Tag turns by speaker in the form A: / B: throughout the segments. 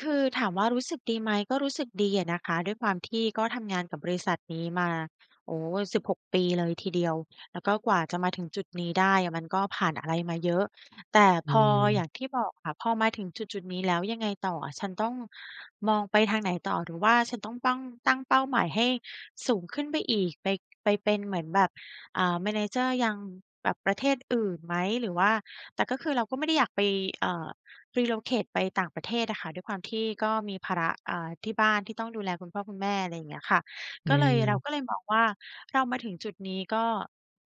A: คือถามว่า รู้สึกดีไหม ก็รู้สึกดีอะนะคะ ด้วยความที่ก็ทำ งานกับบริษัทนี้มา โอ้ 16 ปี เลยทีเดียว แล้วก็กว่าจะมาถึงจุดนี้ได้อะ มันก็ผ่านอะไรมาเยอะ แต่
B: อื
A: พอ อย
B: ม
A: ่างที่บอกค่ะ พอมาถึงจุดจุดนี้แล้ว ยังไงต่ออะ "ฉันต้อง มองไปทางไหนต่อ หรือว่าฉันต้องปั้ง ตั้งเป้าหมายให้ สูงขึ้นไปอีก ไป ไปเป็นเหมือนแบบ อา manager ยัง แบบประเทศอื่นไหม? หรือว่า" แต่ก็คือเราก็ไม่ได้ อยากไป อ่า Relocate ไปต่างประเทศอะค่ะ ด้วยความที่ก็มีภาระ อ่า ที่บ้านที่ต้องดูแลคุณพ่อคุณแม่ อะไรอย่างเงี้ยค่ะ
B: อ
A: ก็เลย เรา
B: ืม
A: ก็เลยมองว่า "เรามาถึงจุดนี้ ก็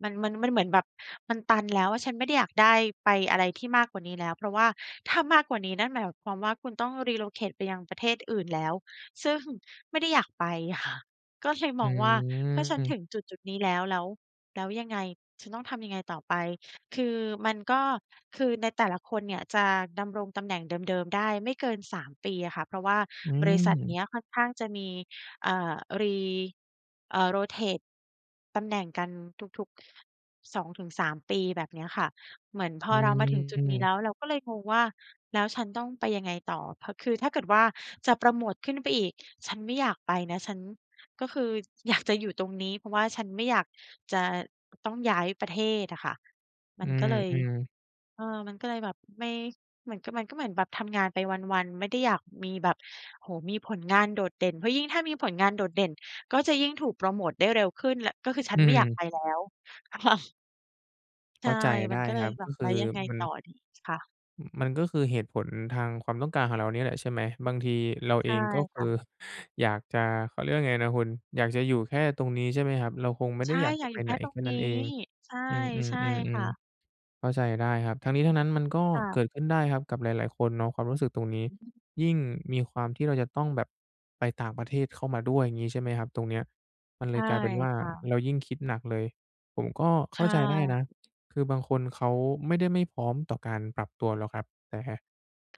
A: มัน มัน มันเหมือนแบบมันตัน แล้วอะ ฉันไม่ได้อยากได้ ไป อะไรที่มากกว่านี้แล้ว" เพราะว่าถ้ามากกว่านี้ นั่นหมายความว่า คุณต้อง Relocate ไปยังประเทศอื่น แล้ว ซึ่งไม่ได้อยากไป ค่ะ ก็เลยม
B: อ
A: องว่า "ก็ฉัน
B: ื
A: ถ
B: ม
A: ึงจุดจุดนี้แล้ว แล้ว แล้วยังไง? ฉันต้องทำยังไงต่อไป?" คือมันก็ คือในแต่ละคนเนี่ย จะดำรงตำแหน่งเดิม ๆ ได้ไม่เกิน 3 ปีอะค่ะ เพราะว่า
B: อื
A: บริษัทเนี
B: ม
A: ้ยค่อนข้างจะมี อ่า Re อ่า Rotate ตำแหน่งกันทุก ๆ 2-3 ปี แบบเนี้ยค่ะ เหมือนพ
B: อ
A: อ
B: ื
A: เรามาถึงจุดนี้แ
B: ม
A: ล้ว เราก็เลยงงว่า "แล้วฉันต้องไปยังไงต่อ?" เพราะ คือถ้าเกิดว่า จะโพรโมตขึ้นไปอีก "ฉันไม่อยากไปนะ ฉัน ก็คือ อยากจะ อยู่ตรงนี้ เพราะว่าฉันไม่อยากจะ อ ต้องย้ายประเทศ" อะค่ะ มั
B: อื
A: นก็เลย
B: ม ๆ
A: เออ มันก็เลยแบบไม่ เหมือนกับมันก็เหมือนแบบทำงานไปวัน ๆ ไม่ได้อยากมีแบบ โอ้โฮ มีผลงานโดดเด่น เพราะยิ่งถ้ามีผลงานโดดเด่นก็จะยิ่งถูกโพรโมตได้เร็วขึ้น และ ก็คือฉ
B: อ
A: ั
B: ื
A: นไม่อยาก
B: ม
A: ไปแล้ว ค่ะ ใช
B: เข้
A: ่
B: าใจไ
A: มั
B: ด้
A: นก็เล
B: ค
A: ย
B: รับ
A: แบ
B: ก็
A: บ
B: ค
A: "แ
B: ื
A: ล้
B: อ
A: วยังไง
B: มั
A: ต
B: น
A: ่อดี?" ค่ะ
B: อ มันก็คือเหตุผลทางความต้องการของเราเนี่ยแหละ ใช่ไหม บางทีเราเ
A: ใ
B: อ
A: ช่
B: ง ก็ค
A: ค่
B: ื
A: ะ
B: อ อยากจะ เขาเรียกว่าไงนะคุณ อยากจะอยู่แค่ตรงนี้ ใช่ไหมครับ เราคงไม่
A: ใ
B: ไ
A: ช
B: ด้
A: ่
B: อยาก
A: อ
B: จ
A: ย
B: ะ
A: าก
B: ไ
A: อ
B: ป
A: ยู่
B: ไ
A: แค
B: หน
A: ่ตร
B: แค
A: ง
B: ่
A: น
B: นั
A: ี
B: ้
A: ้
B: นเอง
A: ใช่
B: อื
A: ใช่
B: ม
A: ค่ะ
B: ๆ ๆ ๆ เข้าใจได้ครับ ทั้งนี้ทั้งนั้นมันก็
A: ค่
B: เ
A: ะ
B: กิดขึ้นได้ครับกับหลาย ๆ คนเนาะความรู้สึกตรงนี้
A: อือฮึ
B: ยิ่งมีความที่เราจะต้องแบบไปต่างประเทศเข้ามาด้วย อย่างงี้ใช่ไหมครับ ตรงเนี้ยมันเ
A: ใช
B: ลย
A: ่
B: กลายเป็นว่า
A: ค่ะ
B: เรายิ่งคิดหนักเลย ผมก็
A: ใ
B: เ
A: ช
B: ข้าใจได้นะ
A: ่
B: คือบางคนเขาไม่ได้ไม่พร้อมต่อการปรับตัวหรอกครับ แต่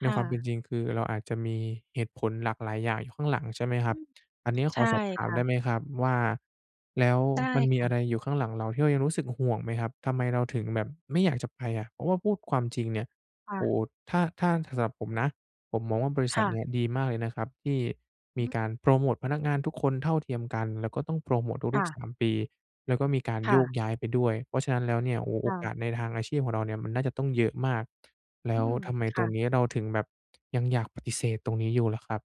B: ใน
A: ่
B: ความเป็
A: ะ
B: นจริง คือเราอาจจะมีเหตุผลหลากหลายอย่างอยู่ข้างหลัง ใช่ไหมค
A: อ
B: ร
A: ื
B: ับ
A: ม
B: อันนี้ข
A: ใช
B: อ
A: ่
B: สอบถา
A: ค
B: ม
A: ่
B: ได้
A: ะ
B: ไหมครับว่า แล้ว
A: ได้
B: มันม
A: ค
B: ี
A: ่
B: อ
A: ะ
B: ะไรอยู่ข้างหลังเรา ที่เรายังรู้สึกห่วงไหมครับ? ทำไมเราถึงแบบไม่อยากจะไปอะ? เพราะว่าพูดความจริงเนี่ย
A: ค่
B: โอ้
A: ะ
B: โฮ ถ้า ถ้าสำหรับผมนะ ผมมองว่าบริษ
A: ค
B: ั
A: ่
B: ทเนี
A: ะ
B: ่ยดีมากเลยนะครับ ที่
A: อ
B: มี
A: ื
B: ก
A: ม
B: ารโพรโมตพนักงานทุกคนเท่าเทียมกัน แล้วก็ต้องโพรโมต
A: ค
B: ทุ
A: ่
B: ก
A: ะ
B: ๆ 3 ปี แล้วก็มีการ
A: ค
B: โ
A: ่
B: ยก
A: ะ
B: ย้ายไปด้วย เพราะฉะนั้นแล้วเนี่ย โอ้โฮ โ
A: ค
B: อ
A: ่
B: ก
A: ะ
B: าสในทางอาชีพของเราเนี่ย มันน่าจะต้องเยอะมาก แล
A: อ
B: ้
A: ื
B: ว
A: ม
B: ทำไม
A: ค
B: ต
A: ่
B: รง
A: ะ
B: นี้เราถึงแบบ ยังอยากปฏิเสธตรงนี้อยู่เหรอครับ?